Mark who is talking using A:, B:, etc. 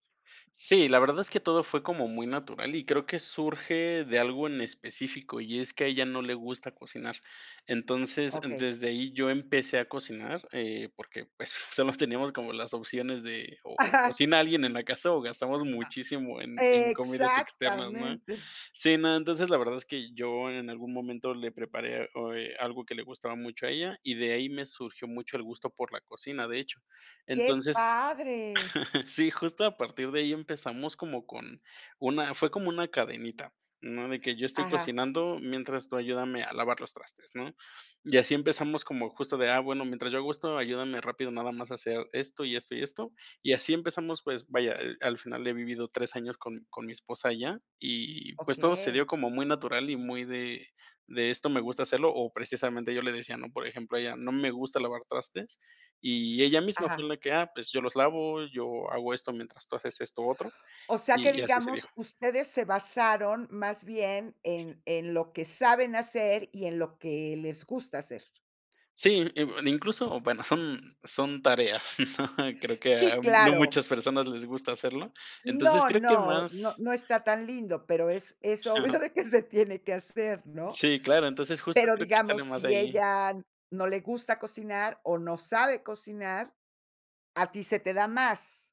A: Sí, la verdad es que todo fue como muy natural y creo que surge de algo en específico, y es que a ella no le gusta cocinar. Entonces,
B: Okey.
A: desde ahí yo empecé a cocinar, eh, porque, pues, solo teníamos como las opciones de, o o,
B: ¡Ajá!
A: cocina alguien en la casa, o, gastamos muchísimo
B: A
A: en en comidas externas, ¿no?
B: ¡Exactamente!
A: Sí, no, entonces, la verdad es que yo en algún momento le preparé, oh, eh, algo que le gustaba mucho a ella, y de ahí me surgió mucho el gusto por la cocina, de hecho.
B: ¡Qué
A: Entonces
B: padre!
A: sí, justo a partir de ahí empezamos como con una fue como una cadenita, ¿no? De que yo estoy
B: Ajá.
A: cocinando mientras tú ayúdame a lavar los trastes, ¿no? Y así empezamos como justo de: "Ah, bueno, mientras yo hago esto ayúdame rápido nada más a hacer esto, y esto, y esto". Y así empezamos, pues, vaya, al final he vivido 3 años con con mi esposa ya, y, pues, todo se
B: Okey.
A: dio como muy natural y muy de de esto me gusta hacerlo, o, precisamente, yo le decía, ¿no? Por ejemplo, a ella: "No me gusta lavar trastes", y ella misma fue
B: Ajá.
A: la que: "Ah, pues, yo los lavo. Yo hago esto mientras tú haces esto otro".
B: O sea, que,
A: Y y así se dio.
B: digamos, ustedes se basaron, más bien, en en lo que saben hacer, y en lo que les gusta hacer.
A: Sí, in incluso, o bueno, son son tareas, creo que a
B: Sí,
A: no
B: claro.
A: muchas personas les gusta hacerlo, entonces
B: No
A: creo que
B: no no
A: más
B: no está tan lindo, pero es es obvio
A: Claro.
B: de que se tiene que hacer, ¿no?
A: Sí, claro, entonces justo
B: Pero,
A: creo que
B: digamos,
A: sale más de
B: si
A: ahí.
B: ella no le gusta cocinar o no sabe cocinar, a ti se te da más.